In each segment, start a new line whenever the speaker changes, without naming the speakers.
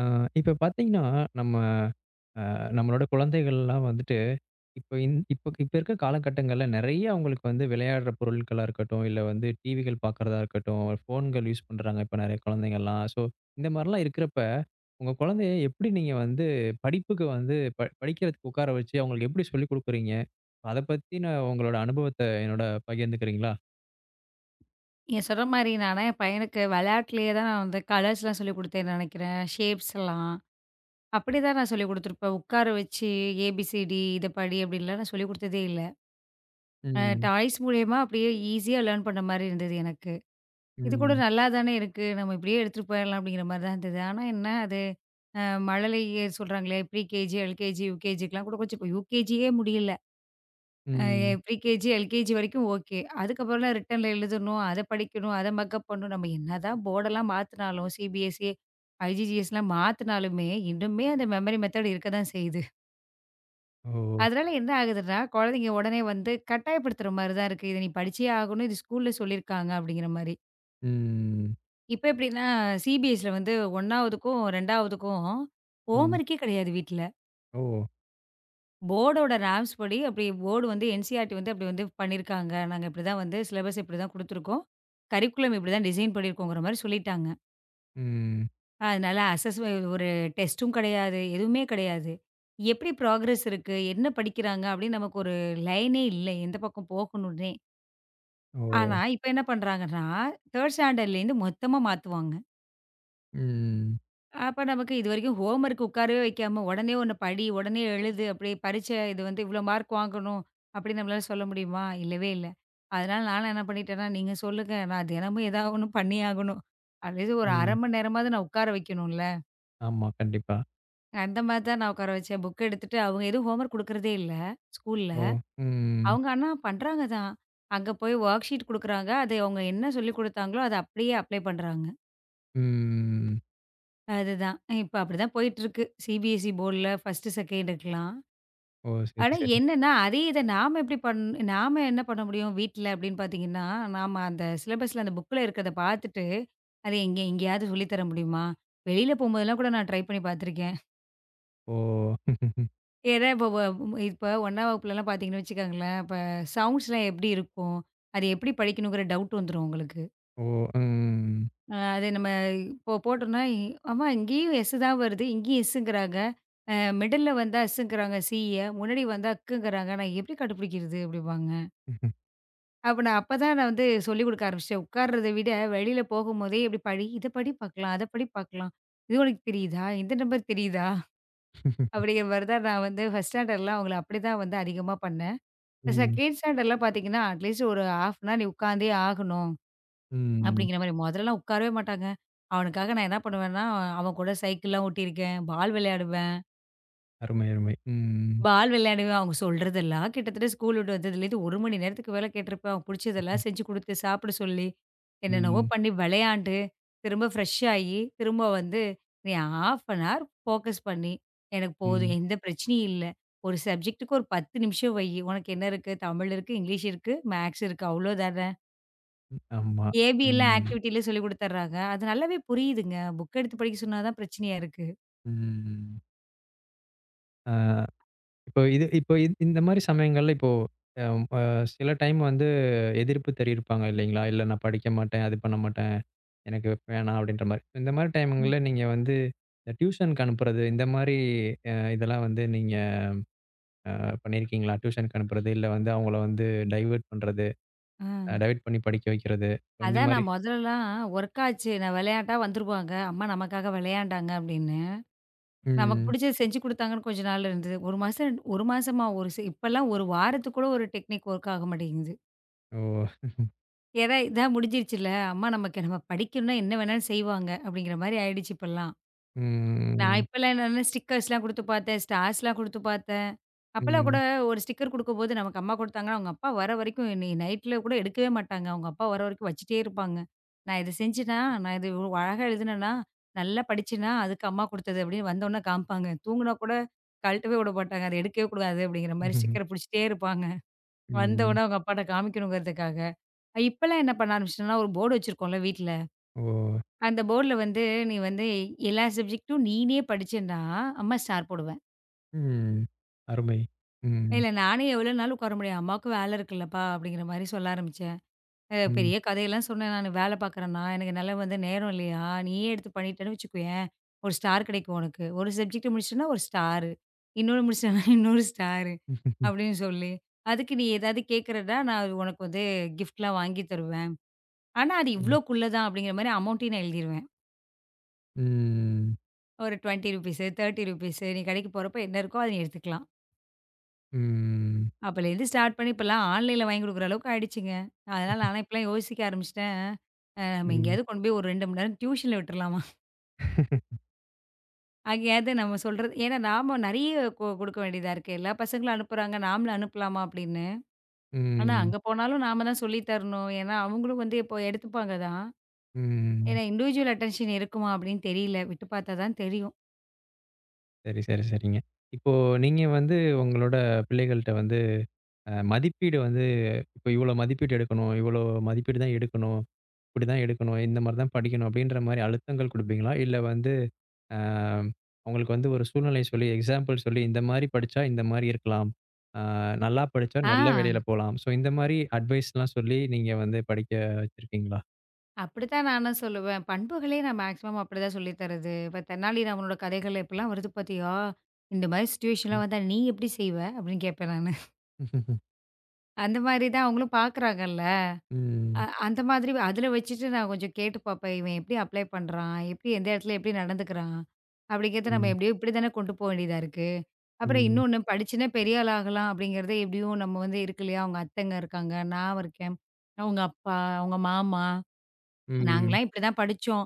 ஆ இப்ப பார்த்தீங்கன்னா, நம்ம அ நம்மளோட குழந்தைகள்லாம் வந்துட்டு, இப்ப இன் இப்ப இப்ப இருக்க கால கட்டங்கள்ல நிறைய அவுங்களுக்கு வந்து விளையாடுற பொருட்களா இருக்கட்டும், இல்ல வந்து டிவிகள் பார்க்குறதா இருக்கட்டும், போன்கள் யூஸ் பண்றாங்க இப்ப நிறைய குழந்தைகள்லாம். சோ இந்த மாரிலாம் இருக்கிறப்ப, உங்க குழந்தையை எப்படி நீங்க வந்து படிப்புக்கு வந்து ப படிக்கிறதுக்கு உட்கார வச்சு, அவங்களுக்கு எப்படி சொல்லிக் கொடுக்கிறீங்க? அதைப் பத்தின உங்களோட அனுபவத்தை என்னோட பகிர்ந்துக்கிறீங்களா?
நீங்க சொல்ற மாரி, நான்லாம் என் பையனுக்கு விளையாட்டிலேயே தான் நான் அந்த கலர்ஸ்லாம் சொல்லிக் கொடுத்தேன்னு நினைக்கிறேன். ஷேப்ஸ் எல்லாம். அப்படி தான் நான் சொல்லிக் கொடுத்திருப்பேன். உட்கார வச்சு, "ஏ-பி-சி-டி. இதைப் படி" அப்படின்லாம் நான் சொல்லிக் கொடுத்ததே இல்லை. அ
ம், ம்.
டாய்ஸ் மூலியமா அப்படியே ஈசியா லேர்ன் பண்ற மாரி இருந்தது எனக்கு.
ம்,
இது கூட
ம்.
நல்லாத்தானே இருக்கு. நம்ம இப்படியே எடுத்துட்டு போயிடலாம் அப்படிங்குற மாதிரி தான் இருந்தது. ஆனா என்ன அது? மழலையே சொல்றாங்களே ப்ரி கே-ஜி, எல்-கே-ஜி, யு-கே-ஜிக்கெல்லாம் கூட கொஞ்சம் யு-கே-ஜியே முடியலை.
ம்,
அ அ
ம்.
ப்ரி கே-ஜி, எல்-கே-ஜி வரைக்கும் ஓகே. அதுக்கப்புறம்லாம் ரிட்டன்ல எழுதணும். அதைப் படிக்கணும். அதைக் மக்அப் பண்ணணும். நாம என்ன தான் போர்டு எல்லாம் மாத்துனாலும் சி-பி-எஸ்-இ, ஐ-ஜி-சி-எஸ்லாம் மாத்துனாலுமே, இன்னுமே அந்த மெமரி மெத்தடு இருக்கத்தான் செய்யுது.
ஓ.
அதனால என்ன ஆகுதுன்னா, குழந்தைங்க உடனே வந்து கட்டாயப்படுத்துற மாதிரி தான் இருக்கு. இதை நீ படிச்சே ஆகணும்னு இது ஸ்கூல்ல சொல்லி இருக்காங்க அப்படிங்குற மாதிரி.
ம்.
இப்ப எப்படின்னா சிபிஎஸ்சி ல வந்து 1 வதுக்கும் 2 வதுக்கும் ஹோம்
ம்.
வொர்க் கிடையாது வீட்டுல.
ஓ.
போர்ட் ஓட ராம்ப்ஸ் படி அப்படி போர்ட் வந்து என்சிஏஆர்டீ வந்து அப்படி வந்து பண்ணி இருக்காங்க. நாங்க இப்படி தான் வந்து சிலபஸ் இப்படி தான் கொடுத்திருக்கோம். கரிக்குளம் இப்படி தான் டிசைன் பண்ணி இருக்கோங்குற மாதிரி சொல்லிட்டாங்க.
ம்.
அதனால அஸ்ஸஸ் ஒரு டெஸ்ட்டும் கிடையாது. எதுவுமே கிடையாது. எப்படி ப்ரோக்ராஸ் இருக்கு, என்ன படிக்கிறாங்க அப்படின்னு நமக்கு ஒரு லைனே இல்லை. எந்தப் பக்கம் போகணும்னே. ஆனா
ஓ.
இப்ப என்ன பண்றாங்கன்னா தர்ட் ஸ்டாண்டர்ட்லே இருந்து மொத்தமா மாத்துவாங்க.
ம்.
அப்ப நமக்கு இதுவரைக்கும் ஹோம் ஒர்க் உக்காரவே வைக்காம, "உடனே உன்னைப் படி, உடனே எழுது, அப்படி பரிட்சை இது வந்து இவ்வளவு மார்க் வாங்கணும்" அப்படின்னு நம்மளால சொல்ல முடியுமா? இல்லவே இல்ல. அதனால நானும் என்ன பண்ணிட்டேன்னா, நீங்கச் சொல்லுங்க. நான் தினமும் எதாவது 1 பண்ணியே ஆகணும். அது இது ஒரு 1/2
ம்.
மணி நேரமாவது நான் உக்கார வைக்கணும் இல்ல.
ஆமா கண்டிப்பா.
அந்த மாதிரி தான் நான் உக்கார வச்சேன். புக் எடுத்துட்டு அவங்க எதுவும் ஹோம் ஒர்க் குடுக்கறதே இல்ல ஸ்கூல்ல.
ஓ ம்.
அவங்க ஆனா பண்றாங்க தான். அங்க போய் ஒர்க் சீட் குடுக்கிறாங்க. அதை அவங்க என்ன சொல்லிக் கொடுத்தாங்களோ அதை அப்படியே அப்ளை பண்றாங்க.
ம்.
அது தான். இப்ப அப்டி தான் போயிட்டு இருக்கு. CBSE போர்டுல 1,2 எல்லாம்.
ஓ! சேரி
ஆனா,
சேரி.
என்னன்னா அதே இத நாம எப்படி பண் நாம என்ன பண்ண முடியும் வீட்டுல அப்டின்னு பாத்தீங்கன்னா, நாம அந்த சிலபஸ்ல அந்த புக்ல இருக்குறத பாத்துட்டு, அத இங்க எங்கயாது சொல்லித் தர முடியுமா? வெளியில போம்போதெல்லாம் கூட நான் ட்ரை பண்ணி பாத்திருக்கேன்.
ஓ!
ஏன்னா இப்ப இப்ப 1 வகுப்புலலாம் பாத்தீங்கன்னு வச்சுக்கோங்களேன்! சௌண்ட்ஸ்லாம் எப்படி இருக்கும்? அதை எப்படி படிக்கணும்ங்கற டவுட் வந்துரும் உங்களுக்கு.
ஓ! ம்.
ஆ, அத நம்ம இப்போ போட்டோம்ன்னா, அம்மா! இங்கேயும் எஸ் தான் வருது. இங்கேயும் எஸ்ங்கிறாங்க. மிடில்ல வந்தா எஸ்ங்கிறாங்க. சி ய! முன்னாடி வந்தா அக்குங்கிறாங்க. நான் எப்படி கண்டுபிடிக்கிறது அப்டிபாங்க. அப்ப நான் அப்பத் தான் நான் வந்து சொல்லிக் குடுக்க ஆரம்பிச்டேன். உட்கார்றத விட வெளியில போகும்போதே இதப் படி இதப் படி பார்க்கலாம், அதப் படி பார்க்கலாம். இது உனக்குத் தெரியுதா? இந்த நம்பர் தெரியுதா? அப்படிங்கிற மாரி தான், நான் வந்து 1 ஸ்டாண்டர்ட்டுலாம் அவங்கள அப்படி தான் வந்து அதிகமா பண்ணேன்.
ம்.
2 ஸ்டாண்டர்டுலாம் பாத்தீங்கன்னா, அட்லீஸ்ட், 0:30 நீ உக்காந்தே ஆகணும்.
ம்.
அப்டிங்குற மாரி. மொதல்லலாம் உக்காரவே மாட்டாங்க. அவனுக்காக நான் என்ன பண்ணுவேன்னா அவன் கூட சைக்கிள்லாம் ஓட்டி இருக்கேன். பால்l விளையாடுவேன்.
அருமை, அருமை. ம்.
பால் விளையாடுவேன். அவங்க சொல்றதெல்லாம் கிட்டத்தட்ட ஸ்கூல் விட்டு வந்ததுல இருந்து 1 மணி நேரத்துக்கு மேல கேட்டு இருப்பேன். அவன் புடிச்சதெல்லாம்
ம்.
செஞ்சு கொடுத்து சாப்பிட சொல்லி என்னென்னவோ
ம்.
பண்ணி விளையாண்டு திரும்ப ஃப்ரெஷ் ஆயி திரும்ப வந்து நீ ஹாஃப் அன் ஹார் ஃபோகஸ் பண்ணி எனக்குப் போதும்.
ம்.
எந்தப் பிரச்சனையும் இல்ல. ஒரு சப்ஜெக்க்ட்டுக்கு ஒரு 10 நிமிஷம் வை. உனக்கு என்ன இருக்கு? தமிழ் இருக்கு, இங்கிலீஷ் இருக்கு, மேக்ஸ் இருக்கு. அவ்வளவுதான.
ம் ஆமா
ஏ.வி எல்லாம்
ம்.
ஆக்ட்டிவிட்டில சொல்லிக் கொடுத்துடுறாங்க. அது நல்லவே புரியுதுங்க. புக் எடுத்துப் படிக்கச் சொன்னாதான் பிரச்சனையா இருக்கு.
ம். ஆ இப்ப இது இப்ப இந்த மாரி சமயங்கள்ல, இப்போ ஆ சில டைம் வந்து எதிர்ப்பு தெரிவிப்பாங்க இல்லீங்களா? இல்ல நான் படிக்கமாட்டேன். அது பண்ண மாட்டேன். எனக்கு வே வேணாம் அப்படிங்ற மாதிரி. இந்த மாதிரி டைம்
ம்.
க்குள்ள நீங்க வந்து டியூசன்க்கு அனுப்புறது இந்த மாரி ஆ இதெல்லாம் வந்து நீங்க ஆ பண்ணியிருக்கீங்களா? டியூசன்க்கு அனுப்புறது இல்ல வந்து அவங்கள வந்து டைவர்ட் பண்றது
அ.
டைவர்ட் பண்ணி படிக்க வைக்கிறது இந்த
அதான்
மாதிரி.
நான் மொதல்ல எல்லாம் வொர்க் ஆச்சு. நான் விளையாட்டா வந்துருப்பாங்க அம்மா நமக்காக விளையாண்டாங்க அப்படின்னு. நமக்குப்
ம்.
புடிச்சது செஞ்சு கொடுத்தாங்கன்னு கொஞ்சம் நாள் இருந்தது. ஒரு மாசம், ஒரு மாசமா இப்பெல்லாம் ஒரு வாரத்துக்கு கூட ஒரு டெக்னிக் வொர்க் ஆக மாட்டேங்குது.
ஓ!
ஏன்னா இதான் முடிஞ்சிருச்சுல்ல. அம்மா நமக்கு நம்ம படிக்கணும்ன்னா என்னா வேணாலும் செய்வாங்க அப்படிங்குற மாரி ஆயிடுச்சு இப்பல்லாம். நான்
ம்.
இப்பெல்லாம் என்னான்னா ஸ்டிக்கர்ஸ்லாம் குடுத்து பாத்தேன். ஸ்டார்ஸ்லாம் குடுத்து பாத்தேன் அப்பல்லாம் கூட
ம்.
1 ஸ்டிக்கர் குடுக்கும்போது, நமக்கு அம்மா குடுத்தாங்கன்னு அவுங்க அப்பா வர்ற வரைக்கும் என்னய நைட்ல கூட எடுக்கவே மாட்டாங்க. அவுங்க அப்பா வர்ற வரைக்கும் வச்சுட்டே இருப்பாங்க. "நான் இத செஞ்சேன்னா! நான் இது இவ்வளவு அழகா எழுதினேனா! நல்லா படிச்சேனா! அதுக்கு அம்மா குடுத்தது." அப்படின்னு வந்தவுன்னே காமிப்பாங்க. தூங்குனா கூடக் கலட்டவே விடமாட்டாங்க. அத எடுக்கவே கூடாது அப்படிங்குற மாதிரி ஸ்டிக்கர புடிச்சிட்டே இருப்பாங்க.
ம்.
வந்ததோன அவுங்க அப்பாட்ட காமிக்கணும்ங்குறதுக்காக. அ இப்பெல்லாம் என்னா பண்ண ஆரம்பிச்சுட்டேன்னா ஒரு போர்டு வச்சிருக்கோம்ல வீட்ல!
ஓ!
அந்த போர்ட்ல வந்து நீ வந்து எல்லா சப்ஜக்டும் நீனே படிச்சேன்னா அம்மா ஸ்டார் போடுவேன்.
ம். அருமை. ம்.
இல்ல, "நானே எவ்வளவு நாள் உக்கார முடியும்? அம்மாக்கும் வேல இருக்குல்லப்பா" அப்படிங்குற மாதிரி சொல்ல ஆரம்பிச்சேன். அ
ம்.
பெரிய கதையெல்லாம் சொன்னேன் நானு. "வேலை பாக்குறேன்னா, அதனால வந்து நேரம் இல்லையா? நீயே எடுத்துப் பண்ணிட்டேன்னு வச்சுக்கோயேன். 1 ஸ்டார் கெடைக்கும் உனக்கு. 1 சப்ஜக்ட் முடிச்சிட்டா 1 ஸ்டாரு. இண்ணொன்னு முடிச்சிட்டான்னா இன்னொரு ஸ்டாரு" அப்படின்னு சொல்லி "அதுக்கு நீ ஏதாவது கேக்குறதா, நான் உனக்கு வந்து கிஃப்ட்லாம் வாங்கி தருவேன். ஆனா அது
ம்.
இவ்வளவுக்குள்ள தான்!" அப்படிங்குற மாதிரி அமவுண்டையும் நான் எழுதிருவேன்.
ம்.
ஒரு 20 ருபீஸ், 30 ருபீஸ் நீ கடைக்குப் போறப்ப என்ன இருக்கோ அத நீ எடுத்துக்கலாம்.
ம்.
அப்பல்ல இருந்து ஸ்டார்ட் பண்ணி இப்பல்லாம் ஆன்லைன்ல வாங்கிக் குடுக்கற அளவுக்கு ஆயிடுச்சுங்க. அதனால நானும் இப்பல்லாம் யோசிக்க ஆரம்பிச்சிட்டேன். அ நம்ம
ம்.
எங்கேயாவது கொண்டு போய் ஒரு 2 மணி நேரம் டியூஷன்ல விட்டுடலாமா? அங்கே ஏதோ நம்ம சொல்றது ஏன்னா நாம நெறைய குடுக்க வேண்டியதா இருக்கு. எல்லா பசங்களும் அனுப்புறாங்க. நாமளும் அனுப்பலாமா? அப்படின்னு. ஆனா
ம்.
அங்க போனாலும் நாம தான் சொல்லித் தரணும். ஏன்னா அவங்களும் வந்து இப்போ எடுத்துப்பாங்க தான்.
ம்.
ஏன்னா இண்டிவிஜுவல் அட்டென்ஷன் இருக்குமா அப்படின்னு தெரியல. விட்டுப் பார்த்தாதான் தெரியும்.
சரி சரி சரிங்க. இப்போ நீங்க வந்து உங்களோட பிள்ளைகள்கிட்ட வந்து அ மதிப்பீடு வந்து, இப்போ இவ்வளவு மதிப்பீடு எடுக்கணும் இவ்வளவு மதிப்பீடுதான் எடுக்கணும், இப்படிதான் எடுக்கணும், இந்த மாரிதான் படிக்கணும் அப்படின்ற மாதிரி அழுத்தங்கள் கொடுப்பீங்களா? இல்ல வந்து அ உங்களுக்கு வந்து ஒரு சூழ்நிலையை சொல்லி எக்ஸாம்பிள் சொல்லி இந்த மாரி படிச்சா இந்த மாரி இருக்கலாம். அ நல்லா படிச்சா
ஆ.
நல்ல வேலையில போகலாம். சோ இந்த மாரி அட்வைஸ்லாம் சொல்லி நீங்க வந்து படிக்க வச்சிருக்கீங்களா?
அப்படிதான் நானும் சொல்லுவேன். பண்புகளே நான் மேக்ஸிமம் அப்படி தான் சொல்லித் தர்றது. இப்ப தென்னாலிராமன்னோட கதைகள் இப்பல்லாம் வருது பாத்தியா? இந்த மாரி சிட்டுவேஷன்
ம்.
வந்தா நீ எப்படி செய்வ? அப்படின்னு கேப்பேன் நானு. அந்த மாரி தான் அவங்களும் பாக்குறாங்கல்ல.
ம்,
அ
ம்.
அந்த மாதிரி அதுல வச்சிட்டு நான் கொஞ்சம் கேட்டுப் பாப்பேன். எப்படி அப்ளை பண்றான், எப்படி எந்த இடத்துல எப்படி நடந்துக்குறான்? அப்படிங்கிறதை நம்ம
ம்.
எப்படி இப்படிதானே கொண்டு போக வேண்டி இருக்கு. அப்புறம்
ம்.
இன்னொன்னு படிச்சு பெரிய ஆளா ஆகலாம். அப்படிங்கறத எப்டியோ நம்ம வந்து இருக்கு. அவங்க அத்தங்க இருக்காங்க. நான் இருக்கேன். உங்க அப்பா, உங்க மாமா
ம், ம்.
நாங்கலாம் இப்படி தான் படிச்சோம்.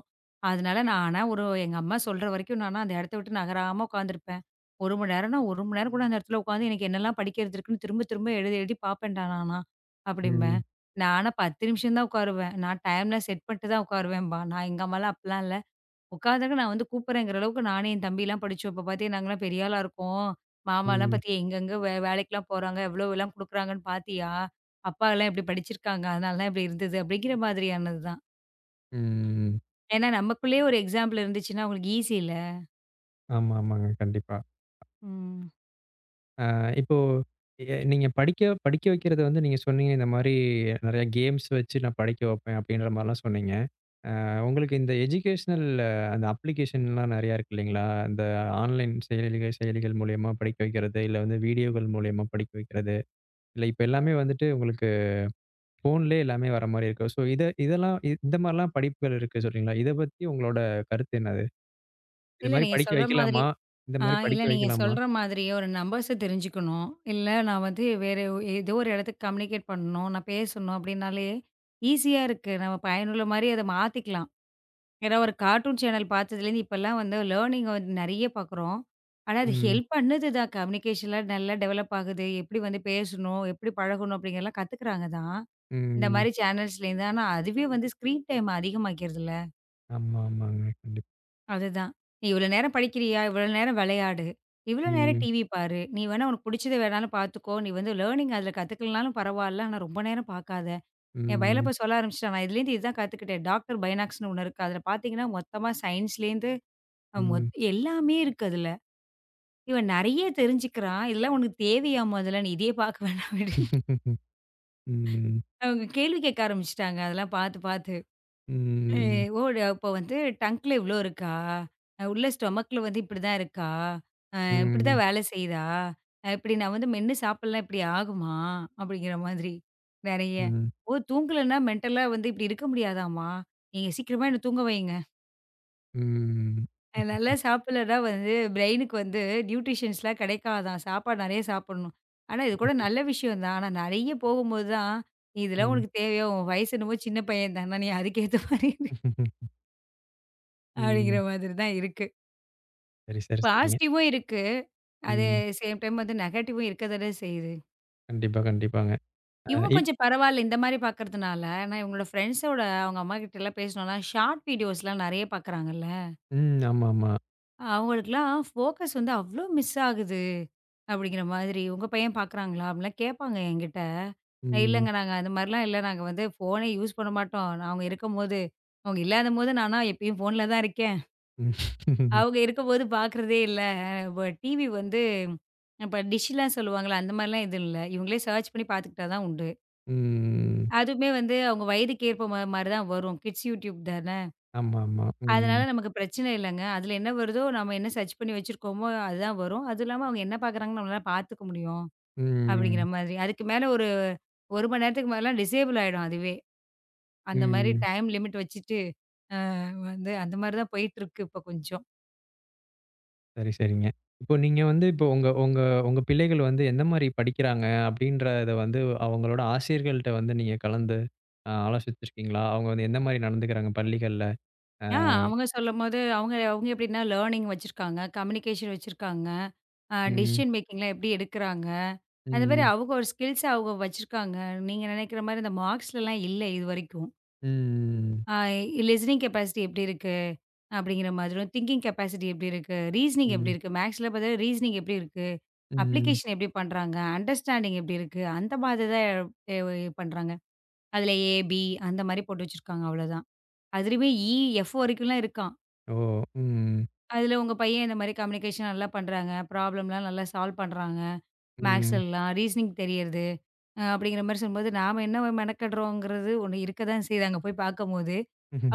அதனால நானா ஒரு எங்க அம்மா சொல்ற வரைக்கும் நானா அந்த இடத்தை விட்டு நகராம உட்கார்ந்து இருப்பேன். 1 மணி நேரம் 1 மணி நேரம் கூட அந்த இடத்துல உக்காந்து எனக்கு என்னலாம் படிக்கிறது இருக்குன்னு திரும்பத் திரும்ப எழுதிக் எழுதிப் பாப்பேன். ஆனா அப்படின்னு
ம்.
நானா 10 நிமிஷம் தான் உக்காருவேன். நான் டைம்லாம் செட் பண்ணிட்டு தான் உக்காருவேன். நான் எங்க அம்மா எல்லாம் அப்படி எல்லாம் இல்ல. உக்காந்துட்டாங்க. நான் வந்து கூப்பிடுறேன். அளவுக்கு நானும் தம்பி எல்லாம் படிச்சு இப்ப பாத்தீங்கன்னா பெரிய ஆளா இருக்கோம். மாமா எல்லாம்
ம்.
பாத்தியா எங்க எங்க வேலைக்கெல்லாம் போறாங்க. எவ்வளவு எல்லாம் கொடுக்குறாங்கன்னு பாத்தியா. அப்பா எல்லாம் எப்படி படிச்சு இருக்காங்க, அதனால தான் இப்படி இருந்தது அப்படிங்கிற மாதிரி ஆனது தான்.
ம்.
ஏன்னா, நமக்குள்ளேயும் ஒரு எக்ஸ்சாம்பிள் இருந்துச்சுன்னா, அவுங்களுக்கு ஈசி இல்ல.
ஆமா, ஆமாங்க, கண்டிப்பா.
ம்.
அ இப்போ எ நீங்க படிக்க படிக்க வைக்கிறத வந்து நீங்க சொன்னீங்க, இந்தமாரி நிறைய கேம்ஸ் வச்சு நான் படிக்க வைப்பேன் அப்படின்ற மாரிலாம் சொன்னீங்க. அ உங்களுக்கு இந்த எஜிகேஷனல் அந்த அப்ளிகேஷன் எல்லாம் நிறைய இருக்கு இல்லைங்களா? அந்த ஆன்லைன் செயலிக செயலிகள் மூலியமா படிக்க வைக்கிறது, இல்ல வந்து வீடியோகள் மூலமா படிக்க வைக்கிறது. இல்ல இப்ப எல்லாமே வந்துட்டு உங்களுக்கு போன்லே எல்லாமே வர்ற மாதிரி இருக்கு. சோ, இத இதெல்லாம் இந்த மாதிரி எல்லாம் படிப்புகள் இருக்கு சொல்றீங்களா? இதைப் பத்தி உங்களோட கருத்து என்னது? இது
இல்ல
மாதிரி
நீங்கச்
படிக்க
சொல்ற மாதிரி
வைக்கலாமா? இந்த
அ
மாதிரி
இல்ல
படிக்க
நீங்கச்
வைக்கலாமா?
சொல்ற மாதிரியே ஒரு நம்பர்ஸ தெரிஞ்சுக்கணும். இல்ல நான் வந்து வேற ஒ ஏதோ ஒரு இடத்துக்கு கம்னிகேட் பண்ணனும், நான் பேசணும் அப்டின்னாலே, ஈசியா இருக்கு. நம பயனுள்ள மாரி அத மாத்திக்கலாம். ஏன்னா, ஒரு கார்டூன் சேனல் பாத்ததுலருந்து இப்ப எல்லாம் வந்து லேர்னிங் வந் நிறைய பாக்குறோம். ஆனா, அது
ம்.
ஹெல்ப் பண்ணுது தான். கம்னிகேஷன்லாம் நல்லா டெவலப் ஆகுது. எப்படி வந்து பேசணும்? எப்படி பழகணும்? அப்படிங்கறதலாம் கத்துக்குறாங்க தான். இந்த மாதிரி
ம்.
சேனல்ஸ்ல இருந்து. ஆனா அதுவே வந்து, ஸ்க்ரீன் டைம் அதிகமாக்கிருதுல.
ஆமாமாங்க, கண்டிப்
அது தான். இவ்வளவு நேரம் படிக்கிறியா? இவ்வளவு நேரம் விளையாடு. இவ்வளவு
ம்,
நேரம்
ம்.
டிவி பாரு. நீ வேணா உனக்குப் புடிச்சதை வேணாலும் பாத்துக்கோ. நீ வந்து லேர்னிங் அதுல கத்துக்கலைன்னாலும் பரவாயில்ல. ஆனா ரொம்ப நேரம் பாக்காத. என் பையன்ல்லா
ம்.
இப்போ சொல்ல ஆரம்பிச்சிட்டான். இதுல இருந்து இதைக் கத்துக்கிட்டேன். டாக்டர் பைனாக்ஸ்ன்னு ஒண்ணு இருக்கு. அதுல பாத்தீங்கன்னா மொத்தமா சயின்ஸ்ல இருந்து
ம்.
எல்லாமே இருக்கு அதுல. இவன் நிறைய தெரிஞ்சுக்கிறான். இதெல்லாம் உனக்குத் தேவையா? முதல்ல நீ இதையே பாக்க வேணாம்
ம்.
அவங்க கேள்வி கேட்க ஆரம்பிச்சிட்டாங்க. அதெல்லாம் பாத்து பாத்து
ம், ம்.
ஓடி அப்போ வந்து டங்குல இவ்ளோ இருக்கா? உள்ள ஸ்டொமக் இப்படி தான் இருக்கா? இப்படி தான்
ம்.
வேலை செய்யுதா? எப்படி நான் வந்து மென்னு சாப்பிடலாம். இப்படி ஆகுமா அப்படிங்கிற மாதிரி நிறைய
ம்.
ஓ! தூங்கல மெண்டல்லா வந்து இப்படி இருக்க முடியாதாமா? நீங்கச் சீக்கிரமா என்ன தூங்க வைங்க.
ம். ம்.
நல்லா சாப்பிடலனா. வந்து ப்ரெயிங்க்கு வந்து நியூற்றிஷியன்ஸ் எல்லாம் கிடைக்காதா? சாப்பாடு நிறைய சாப்பிடணும். ஆனா இது கூட நல்ல விஷயம் தான். ஆனா நிறைய போகும் போது தான். இதுலாம்
ம்.
உனக்குத் தேவையா? உன் வயசு என்னமோ சின்னப் பையன் தான். நீ அதுக்கு ஏத்த மாதிரி. அப்படிங்கிற
ம்.
மாதிரி தான் இருக்கு.
சரி, சரி, சரிங்க.
பாசிட்டிவ்வும் இருக்கு. அதே
ம்.
சேம் டைம் நெக்டிவ்வும் இருக்கத்தானே செய்யுது.
கண்டிப்பா, கண்டிப்பாங்க. அ
இவங்க
இப்
கொஞ்சம் பரவாயில்ல. இந்த மாரி பாக்குறதுனால. ஆனா, இவங்களோட ப்ரெண்ட்ஸ் ஓட அவங்க அம்மாகிட்டலாம் பேசினோலாம் ஷார்ட்ஸ் வீடியோஸ்லாம் நிறைய பாக்குறாங்க இல்ல.
ம். ஆமா. ஆமா.
அவங்களுக்குலாம் போக்கஸ் வந்து அவ்ளோ மிஸ் ஆகுது, அப்படிங்கிற மாதிரி உங்க பையன் பாக்குறாங்களா அப்டின்லாம் கேப்பாங்க என்கிட்ட நா இல்லங்க.
ம்.
நாங்க அந்த மாரி எல்லாம் இல்ல. நாங்க வந்து ஃபோன் யூஸ் பண்ண மாட்டோம். அவங்க இருக்கும் போது. அவங்க இல்லாத போது. நானா எப்பவும் ஃபோன் தான் இருக்கேன்.
ம்.
அவங்க இருக்கும் போது பாக்குறதே இல்ல. அ உ டிவி வந்து டிஸ் எல்லாம் சொல்லுவாங்க. அந்த மாரிலாம் இது இல்ல. இவங்களே சேர்ச் பண்ணி பாத்துக்கிட்டா தான் உண்டு.
ம்.
அதுவுமே வந்து அவங்க வயதுக்கு ஏற்ப ம மாரி தான் வரும். கிட்ஸ் YouTube தான.
ஆமாம்மா. ம்.
அதனால நமக்குப் பிரச்சனை இல்லங்க. அதுல என்ன வருதோ நாம என்ன சேர்ச் பண்ணி வச்சிருக்கோம். அது தான் வரும். அது இல்லாம அவங்க என்ன பாக்குறாங்கன்னு பாத்துக்க முடியும்.
ம்.
அப்படிங்கற
ம்.
மாதிரி. அதுக்கு மேல ஒரு 1 மணி நேரத்துக்கு மேல டிஸேபுல் ஆயிடும் அதுவே, அந்த மாரி
ம்.
டைம் லிமிட் வச்சிட்டு அ வந்து அந்த மாரி தான் போயிட்டு இருக்கு. இப்ப கொஞ்சம்.
சரி, சரிங்க. இப்போ நீங்க வந்து இப்போ உங்க உங்க உங்க பிள்ளைகள் வந்து எந்த மாரி படிக்கிறாங்க அப்படின்றத வந்து அவங்களோட ஆசிரியர்கள்ட்ட வந்து நீங்கக் கலந்து ஆலோசிச்சிருக்கீங்களா? அவங்க வந்து எந்த மாரி நடந்துக்கிறாங்க பள்ளிகள்ல? அ.
அ அவங்க சொல்லும்போது அவங்க அவங்க லேர்னிங் வச்சிருக்காங்க. கம்மியூனிகேஷன் வச்சிருக்காங்க. அ
ம்.
டெசிஷன் மேக்கிங்லாம் எப்படி எடுக்குறாங்க. அந்த மாரி
ம்.
அவங்க ஒரு ஸ்கில்ஸ் அவங்க வச்சிருக்காங்க. நீங்க நினைக்கிற மாதிரி இந்த மார்க்ஸ்லலாம் இல்ல இதுவரைக்கும்.
ம்.
அ, லிசனிங் கெப்பாசிட்டி எப்படி இருக்கு அப்படிங்கிற மாதிரியும், திங்க்கிங்க் கெப்பாசிட்டி எப்படி இருக்கு? ரீசனிங் எப்படி
ம்.
இருக்கு? மேக்ஸ்ல பாத்தவே ரீசனிங் எப்படி இருக்கு?
ம்.
அப்ளிகேஷன் எப்படி பண்றாங்க? அண்டர்ஸ்டேன்டிங்க் எப்படி இருக்கு? அந்த மாதிரி தான் எதா எ பண்றாங்க. அதுல ஏ, பி அந்த மாதிரி போட்டு வச்சிருக்காங்க. அவ்ளோ தான். அதுவே ஈ, எஃப் வரைக்கும் எல்லாம் இருக்காம்.
ஓ! ம்.
அதுல உங்க பையன் இந்த மாதிரி கம்மியூனிகேஷன் நல்லா பண்றாங்க. ப்ராப்ளம் எல்லாம் நல்லா சால்வ் பண்றாங்க. மேத்ஸ்ல
ம்.
எல்லாம் ரீசனிங் தெரியுது அப்படிங்கற மாதிரி சொல்லும் போது. நாம என்ன மெனக்கெடுறோங்கிறது ஒண்ணு இருக்கத்தான் செய்யுது அங்க போய்ப் பார்க்கும்போதே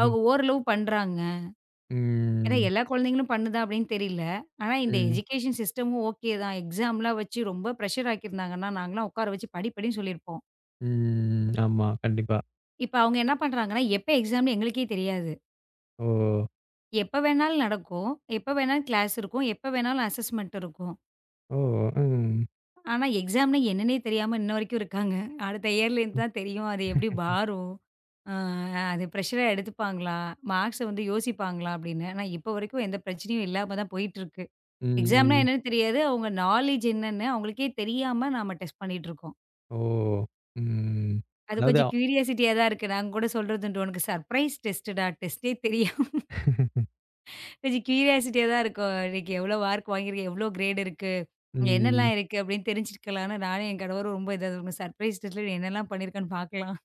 அவங்க ஓரளவு பண்றாங்க. ஏன்னா
ம்.
எல்லா குழந்தைகளும் பண்ணுதா அப்படின்னு தெரியல. ஆனா இந்த
ம்.
Education system ஓகேதான். எக்ஸாம் வச்சு ரொம்ப ப்ரெஷ்ஷர் ஆக்கி இருந்தாங்கன்னா நாங்க எல்லாம் உக்கார வச்சு படி படின்னு சொல்லி இருப்போம்.
ம். ஆமா, கண்டிப்பா.
இப்ப அவங்க என்ன பண்றாங்க எப்ப எக்ஸாம் எங்களுக்கே தெரியாது.
ஓ!
எப்ப வேணாலும் நடக்கும். எப்ப வேணாலும் க்ளேஸ் இருக்கும். எப்ப வேணாலும் அஸ்ஸஸ்மென்ட் இருக்கும்.
ஓ! ம்.
ஆனா எக்ஸாம் என்னன்னே தெரியாம இன்ன வரைக்கும் இருக்காங்க. அடுத்த இயர் தான் தெரியும். அது எப்படி மாறும். அ, அது ப்ரெஷ்ஷரா எடுத்துப்பாங்களா? மார்க்ஸ் வந்து யோசிப்பாங்களா? அப்படின்னு. ஆனா, இப்ப வரைக்கும் எந்தப் பிரச்சனையும் இல்லாமதான் போயிட்டு இருக்கு.
ம்.
எக்ஸாம்
ம்.
என்னன்னே தெரியாது. அவங்க நாலேட்ஜ் என்னன்னு அவங்களுக்கே தெரியாம நாம டெஸ்ட் பண்ணிட்டு இருக்கோம்.
ஓ. ம்.
அது
அதாவது
கொஞ்சம் கியூரியாசிட்டி தான் இருக்கு. நாங்க கூடச் சொல்றது உனக்கு சர்ப்ரைஸ் டெஸ்டுடா, டேஸ்ட்டே தெரியா கொஞ்சம் கியூரியாசிட்டியா தான் இருக்கும். இன்னைக்கு எவ்வளவு மார்க் வாங்கி இருக்கீங்க? எவ்வளவு கிரேடு இருக்கு? என்னெல்லாம்
ம்.
இருக்கு அப்படின்னு தெரிஞ்சுக்கலாம். நானும் என் கடவுளும் ரொம்ப இது சர்ப்ரைஸ் என்னெல்லாம் பண்ணி இருக்கானு பாக்கலாம்.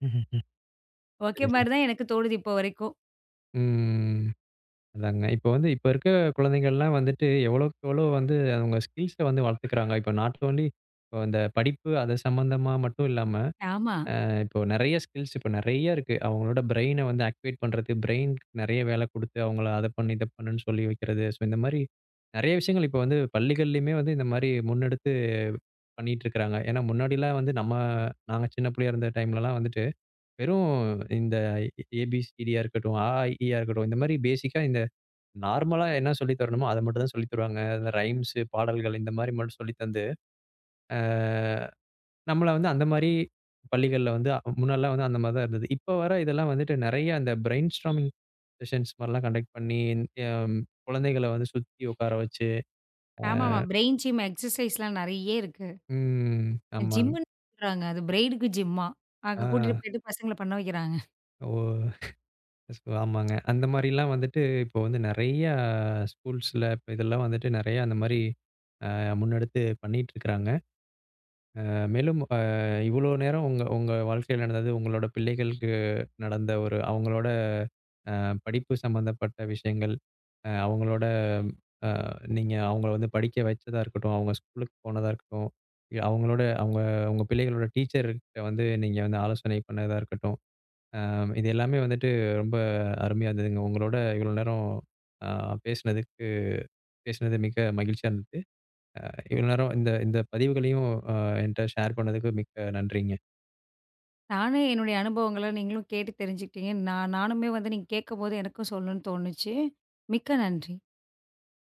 ஓகே
சரி.
மாரி தான் எனக்குத் தோணுது இப்ப வரைக்கும்.
ம். அதாங்க. இப்ப வந்து இப்ப இருக்கிற குழந்தைகள் எல்லாம் வந்துட்டு, எவ்வளவோ எவ்வளவு வந்து அவங்க ஸ்கில்ஸ் வந்து வளர்த்துக்கிறாங்க. இப்ப நாட் ஒன்லி அந்தப் படிப்பு அதைச் சம்பந்தமா மட்டும் இல்லாம,
ஆமா.
ஆ, இப்ப நிறைய ஸ்கில்ஸ். இப்ப நிறைய இருக்கு. அவங்களோட brain வந்து ஆக்டிவேட் பண்றது. பிரைன் நிறைய வேலை கொடுத்து அவங்களை அதைச் செஞ்சு இதைச் செஞ்சுன்னு சொல்லி வைக்கிறது. இந்த மாதிரி நிறைய விஷயங்கள் இப்ப வந்து பள்ளிகள்லயுமே வந்து இந்த மாதிரி முன்னெடுத்து பண்ணிட்டு இருக்காங்க. ஏன்னா முன்னாடிலாம் வந்து நம்ம நாங்க சின்னப் பிள்ளையா இருந்த time-ல எல்லாம் வந்துட்டு வெறும் இந்த எ பி சி டி ஆ இருக்கட்டும், அ ஆ இ ஈ ஆ இருக்கட்டும் இந்த மாதிரி பேசிக்கா இந்த நார்மலா என்ன சொல்லித் தரணுமோ அதை மட்டும்தான் சொல்லித் தருவாங்க. அந்த ரைம்ஸ், பாடல்கள் இந்த மாதிரி மட்டும் சொல்லித் தந்து, ஆ நம்மளை வந்து அந்த மாதிரி பள்ளிகள்ல வந்து முன்னால்லா வந்து அந்த மாதிரிதான் இருந்தது. இப்ப வர இதெல்லாம் வந்துட்டு நிறைய அந்த பிரைன்ஸ்ட்ரோமிங் செஷன் மாதிரி எல்லாம் கண்டக்ட் பண்ணி, ஆ குழந்தைகள வந்து சுத்தி உக்கார வச்சு ஆ
ஆமா. ஆமா பிரைன் ஜிம் எக்ஸசைஸ் லாம் நிறைய இருக்கு.
ம். ஆமாங்க.
ஜிம்ன்னு சொல்றாங்க அது பிரைனுக்கு ஜிம்மா. அங்க கூட்டிட்டு
ஆ.
போயிட்டு பசங்கள பண்ண வைக்கிறாங்க.
ஓ. ஆமாங்க. அந்த மாதிரி எல்லாம் வந்துட்டு இப்ப வந்து நிறைய ஸ்கூல்ஸ்ல எல்லாம் இதெல்லாம் வந்துட்டு நிறைய அந்த மாதிரி முன்னெடுத்து பண்ணிட்டு இருக்காங்க. ஆ மேலும் ஆ இவ்வளோ நேரம் உங்க உங்க வாழ்க்கையில நடந்தது உங்களோட பிள்ளைகளுக்கு நடந்த ஒரு அவங்களோட ஆ படிப்பு சம்பந்தப்பட்ட விஷயங்கள், ஆ அவங்களோட ஆ நீங்க அவங்களை வந்து படிக்க வைச்சதா இருக்கட்டும், அவங்க ஸ்கூல் போனதா இருக்கட்டும், அவங்களோட அவங்க உங்க பிள்ளைகளோட டீச்சர் வந்து நீங்க வந்து ஆலோசனை பண்ணதா இருக்கட்டும். ஆ இது எல்லாமே வந்துட்டு ரொம்ப அருமையா இருந்ததுங்க. உங்களோட இவ்வளோ நேரம் ஆ பேசுனதுக்கு பேசுனது மிக மகிழ்ச்சியா இருந்தது. ஆ இவ்வளோ நேரம் இந்த இந்த பதிவுகளையும் ஆ என்கிட்ட ஷேர் பண்ணதுக்கு மிக்க நன்றிங்க.
நானும் என்னுடைய அனுபவங்களை நீங்களும் கேட்டுத் தெரிஞ்சுக்கிட்டீங்க. நான் நானுமே வந்து நீங்கக் கேக்கும்போது எனக்கும் சொல்லணும்னு தோணுச்சு. மிக்க நன்றி.